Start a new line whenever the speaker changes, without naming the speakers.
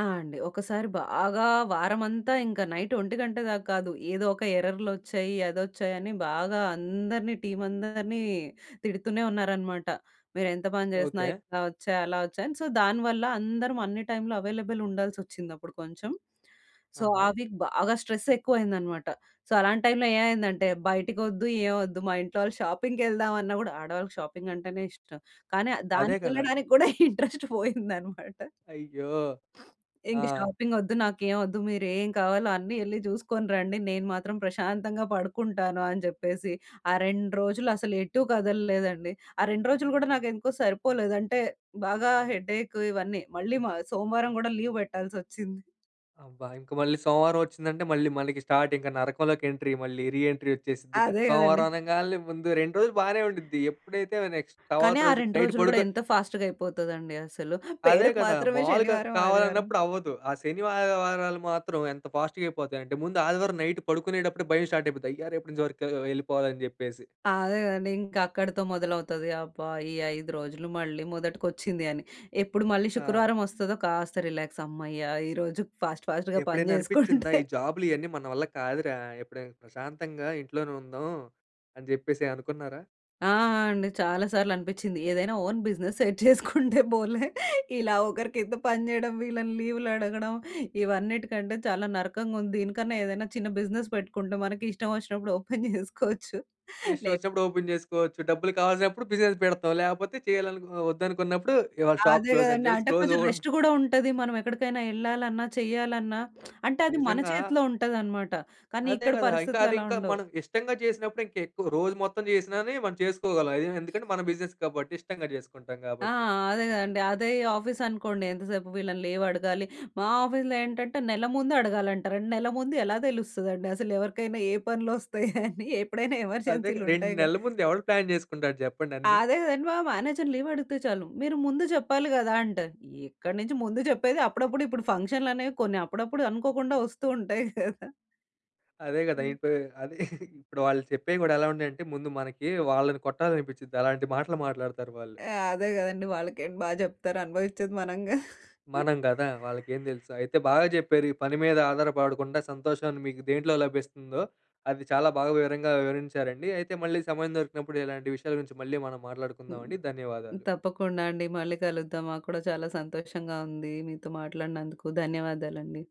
ఆ! అండి. ఒకసారి బాగా వారమంతా ఇంక నైట్ ఒంటి గంట దాకా గాదు. ఏదోక ఎర్రర్లొచ్చాయి అదోచ్చాయని బాగా అందరిని టీమ్ అందరిని తిడుతూనే ఉన్నారనమాట. మీరేంత పని చేసినా
ఓకే.
ఇట్లా ఒచ్చాయి, అలా ఒచ్చాయని సో దానివల్ల అందరం అన్ని టైమ్‌లో అవైలబుల్ ఉండాల్సొచ్చింది అప్పుడు కొంచెం. సో ఆ
ఆహా!
వీక్ బాగా స్ట్రెస్ ఎక్కువ అయిందన్నమాట. సో అలాంటైమ్‌లో ఏమైందంటే బయటికొద్దు, ఏమొద్దు. మా ఇంట్లో వాళ్ళు షాపింగ్‌కేళ్దామన్నా గూడా ఆడవాళ్ళకి షాపింగ్ అంటేనే ఇష్టం. కానీ అద్
అదే గదా!
దానికేళ్ళడానికి గూడా ఇంట్రెస్ట్ పోయిందన్నమాట.
అయ్యో! ఆ!
ఇంక షాపింగ్ ఒద్దు, నాకేం ఒద్దు. మీరేం కావాలో అన్నీ యెళ్లి జూసుకొని రండి. నేను మాత్రం ప్రశాంతంగా పడుకుంటాను. అని చెప్పేసి ఆ 2 రోజులు అసలు ఎటూ గదలలేదండి. ఆ 2 రోజులు గూడా నాకేందుకో సరిపోలేదు. అంటే బాగా హెడేక్ ఇవన్నీ మళ్ళీ మ సోమవారం గూడా లీవ్ పెట్టాల్సొచ్చింది.
అబ్బా! ఇంక మళ్ళీ సోమవారం ఒచ్చిందంటే మళ్ళీ మనకి స్టార్ట్ ఇంకా నరకంలోకి ఎంట్రీ. మళ్ళి రీ ఎంట్రీ ఒచ్చేసిద్దిగా.
అదే గదండీ.
సోమవారం అనంగాల్నే ముందు 2 రోజులు బానే ఉండుద్ది. ఎప్పుడైతే నెక్స్ట్ తరువాత
కానీ ఆ
రోజు
2
నైట్
రోజులు గూడా
పడుకొ
ఎంత ఫాస్ట్‌గా అయిపోతదండి అసలు.
అదే
పేరుకు
గదా!
మాత్రమే
మాములుగా
శనివారం, ఆదివారం.
కావాలన్నప్పుడు అవ్వదు. ఆ శని వా ఆదివారాలు మాత్రం ఎంత ఫాస్ట్‌గా అయిపోతాయంటే, ముందు ఆదివారం నైట్ పడుకునేటప్పుడే భయం స్టార్ట్ అయిపోద్ది. అయ్యా! రేపన్నుంచి వర్క్ ఎళ్ళిపోవాలి జేప్పేసి.
అదే గదండి. ఇంకక్కడితో మొదలవుతది. అబ్బా! ఈ 5 రోజులు మళ్ళీ మొదటికొచ్చింది అని. ఎప్పుడు మళ్ళీ
ఆ!
శుక్రవారం ఒస్తదో కాస్త రిలాక్స్ హమ్మయ్య! ఈరోజు ఫాస్ట్ ఫాస్ట్‌గా పని
ఎప్పుడైనా అనిపిచ్చిందా?
జేసుకుంటే
ఈ జాబ్‌లియన్నీ మన వల్ల కాదురా! ఎప్పుడైనా ప్రశాంతంగా ఇంట్లోనే ఉందాం. అని జేప్పేసి అనుకున్నారా?
ఆ! అండి. చాలా సార్లనిపిచ్చింది. ఏదైనా ఓన్ బిజినెస్ సెట్ జేసుకుంటే పోలే. ఇలా ఒకరి కింద పని జేయడం వీళ్ళని లీవులడగడం, ఇవన్నిటికంటే చాలా నరకంగుంది. దీనికన్నా ఏదైనా చిన్న బిజినెస్ పెట్టుకుంటే మనకిష్టం ఒచ్చినప్పుడు ఓపెన్ చేసుకోవచ్చు.
ఇష్టం
లే
ఒచ్చినప్పుడు ఓపెన్ జేసుకోవచ్చు. డబ్బులు కావాల్సినప్పుడు బిజినెస్ పెడతాం. లేపోతే చేయాలనుకున ఒద్దనుకున్నప్పుడు ఇవాళ షాప్
అదే
క్లోజ్ అని
గదండీ.
చెప్పేసి
అంటే
క్లోస్
కొంచెం రెస్ట్
[unintelligible]
గూడా ఉంటది. మనమేక్కడికైనా ఎళ్ళాలన్నా, చెయ్యాలన్నా అంటే అది మన
నిజంగా
చేతిలో ఉంటదనమాట. కానీ
అదే
ఇక్కడ
గదా! ఇంకా
పరిస్థితులు అలా
అదింకా
ఉండవు.
మనం ఇష్టంగా జేసినప్పుడే ఇంకెక్కువ రోజు మొత్తం జేసినానే మనం చేసుకోగలం. అయే ఎందుకంటే మన బిజినెస్ గాబట్టి, ఇష్టంగా చేసుకుంటాం
ఆ!
గాబట్టి.
అదే గదండి. అదే ఆఫీస్ అనుకోండి ఎంతసేపు వీళ్ళని లీవడగాలి. మా ఆఫీస్‌లో ఏంటంటే నెల ముందే అడగాలంటా. రెన్నెల్ల ముండు ఎలా తెలుస్తదండి. అసలెవరికైనా ఏ పనులోస్తాయని? ఎప్పుడైనా
అదేగా!
ఎమర్జెన్సీలు
2
ఉంటాయిగా.
నెలల ముందు ఎవడు ప్లాన్ చేసుకుంటాడు చెప్పండన్ని?
అదే గదండి మా మానేజర్ లీవడిగితే జాలు మీరు ముందు చెప్పాలి గదా! అంటారు. ఎక్కడి నుంచి ముందు జేప్పేది అప్పుడప్పుడు ఇపుడు ఫంక్షన్లనేవి కొన్ని అప్పుడప్పుడు అనుకోకుండా ఒస్తు ఉంటాయి గదా!
అదే గదా! ఇప్పు అది ఇప్పుడు వాళ్ళు చెప్పేవి గూడా ఎలా ఉన్నాయంటే ముందు మనకి వాళ్ళని కొట్టాలనిపించిద్ది అలాంటి మాటలు మాట్లాడతారు వాళ్ళు.
ఎ అదే గదండీ. వాళ్ళకేంటి బా జేప్తారు అనుభవించేది మనంగా.
మనం గదా! వాళ్ళకేందెలుసు. అయితే బాగా చెప్పారు ఈ పని మీద ఆధారపడకుండా సంతోషాన్ని మీకు దేంట్లో లభిస్తుందో, అది చాలా బాగా వివరంగా వివరించారండి. అయితే మళ్ళీ సమయం దొరికినప్పుడు ఇలాంటి విషయాల గురించి మళ్ళీ మనం
హ్మ్.
మాట్లాడుకుందామండి. ధన్యవాదాలు.
తప్పకుండా అండి. మళ్ళీ కలుద్దాం. మాకు కూడా చాలా సంతోషంగా ఉంది మీతో మాట్లాడినందుకు. ధన్యవాదాలండి.